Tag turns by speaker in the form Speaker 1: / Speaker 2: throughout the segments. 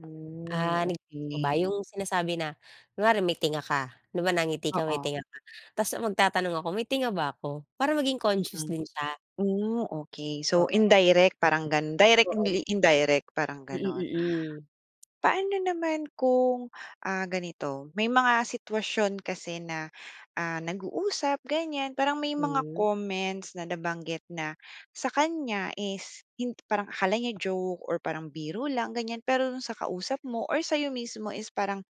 Speaker 1: Ooh,
Speaker 2: Ah, na-gets mo ba
Speaker 1: okey.
Speaker 2: yung sinasabi na, kunwari may tinga ka, 'di ba nangiti ka, may
Speaker 1: Oo.
Speaker 2: tinga ka? tapos magtatanong ako, "May tinga ba ako?" Para maging conscious
Speaker 1: Mm.
Speaker 2: din siya.
Speaker 1: Hmm, okey. So,
Speaker 2: Oo.
Speaker 1: indirect parang gano’n, direct
Speaker 2: Oo
Speaker 1: hindi indirect parang
Speaker 2: Mm,
Speaker 1: gano’n.
Speaker 2: mm.
Speaker 1: Paano naman kung, ah, ganito, may mga sitwasyon kasi na, ah, nag-uusap ganyan, parang may mga
Speaker 2: Hmm.
Speaker 1: comments na nabanggit na sa kanya is hin parang akala niya joke or parang biro lang ganyan, pero do'n sa kausap mo or sa’yo mismo is parang,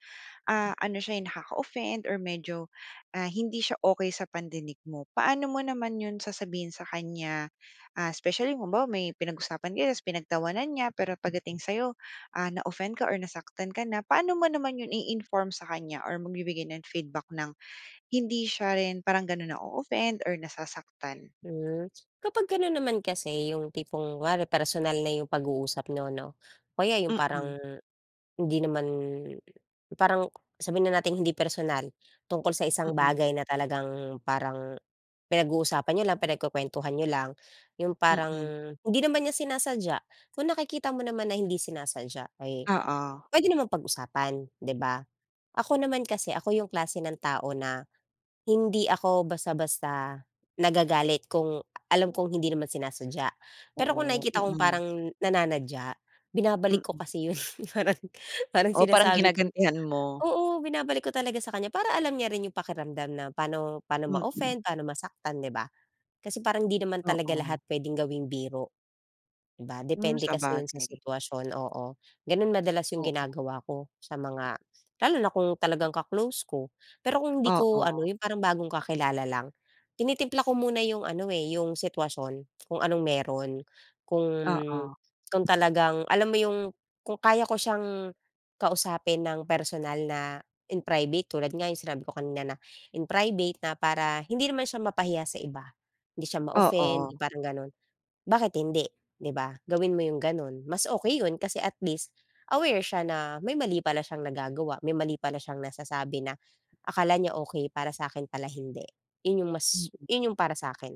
Speaker 1: ah, ano siya, eh, nakaka-offend or medyo, ah, hindi siya okey sa pandinig mo. Paano mo naman 'yon sasabihin sa kanya, ah, especially, kung halimbawa may pinag-usapan kayo tapos pinagtawanan niya pero pagdating sa’yo, ah, na-offend ka or nasaktan ka na, paano mo naman 'yon i-inform sa kanya or magbibigay ng feedback nang hindi siya rin parang gano’n na-o-offend or nasasaktan?
Speaker 2: Hmm, kapag gano’n naman kasi yung tipong kunwari personal na yung pag-uusap niyo ‘no, o kaya yung
Speaker 1: Mm.
Speaker 2: parang, hindi naman parang, sabihin na nating hindi personal. Tungkol sa isang
Speaker 1: Mm.
Speaker 2: bagay na talagang parang pinag-uusapan niyo lang, pinagkukwentuhan niyo lang, yung parang
Speaker 1: Mm.
Speaker 2: hindi naman niya sinasadya. Kung nakikita mo naman na hindi sinasadya ay,
Speaker 1: Oo.
Speaker 2: pwede namang pag-usapan, di ba. Ako naman kasi, ako yung klase ng tao na, hindi ako basta-basta nagagalit kung alam kong hindi naman sinasadya. Pero kung
Speaker 1: Ooh,
Speaker 2: nakikita kong
Speaker 1: mm.
Speaker 2: parang nananadya, binabalik ko
Speaker 1: Mm.
Speaker 2: kasi yun parang, parang
Speaker 1: Oo, parang
Speaker 2: sinasabi ko
Speaker 1: ginagantihan mo.
Speaker 2: oo binabalik ko talaga sa kanya para alam niya rin yung pakiramdam na pa'no pa'no
Speaker 1: Mm.
Speaker 2: ma-offend, pa'no masaktan, di ba? Kasi parang 'di naman talaga lahat
Speaker 1: Oo.
Speaker 2: pwedeng gawing biro, di ba?
Speaker 1: Hmm,
Speaker 2: Depende kasi 'yon sa
Speaker 1: sabagay.
Speaker 2: sitwasyon. Oo, gano'n madalas yung
Speaker 1: Oo.
Speaker 2: ginagawa ko sa mga lalo na kung talagang ka-close ko. Pero kung hindi ko ano,
Speaker 1: Oo.
Speaker 2: yung parang bagong kakilala lang, tinitimpla ko muna yung ano eh, yung sitwasyon, kung anong meron. Kung
Speaker 1: Oo.
Speaker 2: kung talagang alam mo yung, kung kaya ko siyang kausapin nang personal na in private, tulad nga yung sinabi ko kanina na, "In private na para hindi naman siya mapahiya sa iba." Hindi siya ma-offend
Speaker 1: Oo.
Speaker 2: 'yong parang ganon. Bakit hindi, di ba? Gawin mo yung gano’n. Mas okey 'yon kasi at least aware siya na may mali pala siyang nagagawa, may mali pala siyang nasasabi na akala niya okey, para sa'kin pala, hindi. ‘Yon yung mas
Speaker 1: Mm.
Speaker 2: 'yon yung para sa'kin.